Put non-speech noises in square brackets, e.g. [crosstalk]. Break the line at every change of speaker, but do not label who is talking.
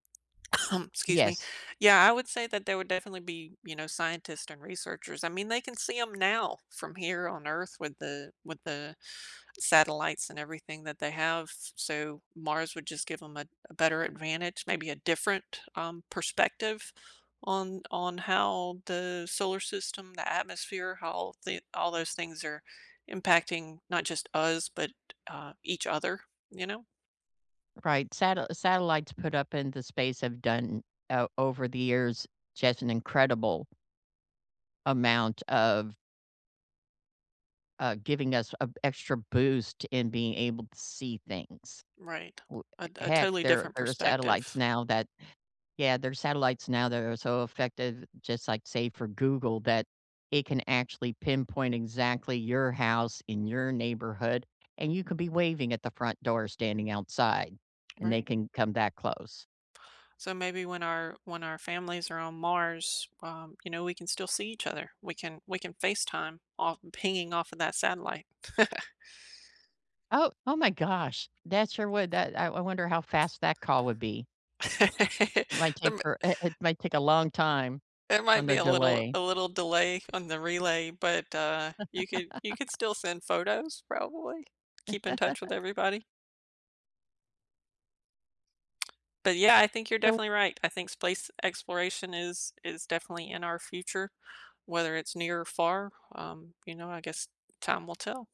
[coughs] Excuse me.
Yes.
Yeah. I would say that there would definitely be, you know, scientists and researchers. I mean, they can see 'em now from here on Earth with the with the satellites and everything that they have. So Mars would just give 'em a a better advantage, maybe a different, um, perspective on on how the solar system, the atmosphere, how the all those things are impacting, not just us, but, uh, each other. You know?
Right. Sate Satellites put up in the space have done o over the years just an incredible amount of uh, giving us a extra boost in being able to see things.
Right.
W
A a
heck,
totally
there
different
there are satellites
perspective.
now that yeah, there are satellites now that are so effective, just like, say, for Google, that it can actually pinpoint exactly your house in your neighborhood, and you could be waving at the front door standing outside, and they
Right.
can come that close.
So, maybe when our when our families are on Mars, um, you know, we can still see each other. We can we can FaceTime off pinging off of that satellite. [chuckles]
Oh Oh, my gosh, that sure would. That I I wonder how fast that call would be. Might
[chuckles] There
take
m
her i it might take long time
there
on
might be
the
a little
delay.
a little delay on the relay, but, uh, you could you could
[chuckles]
still send photos, probably. Keep in touch with
[chuckles]
everybody. But, yeah, I think you're
So
definitely right. I think space exploration is is definitely in our future, whether it's near or far, um, you know, I guess time will tell.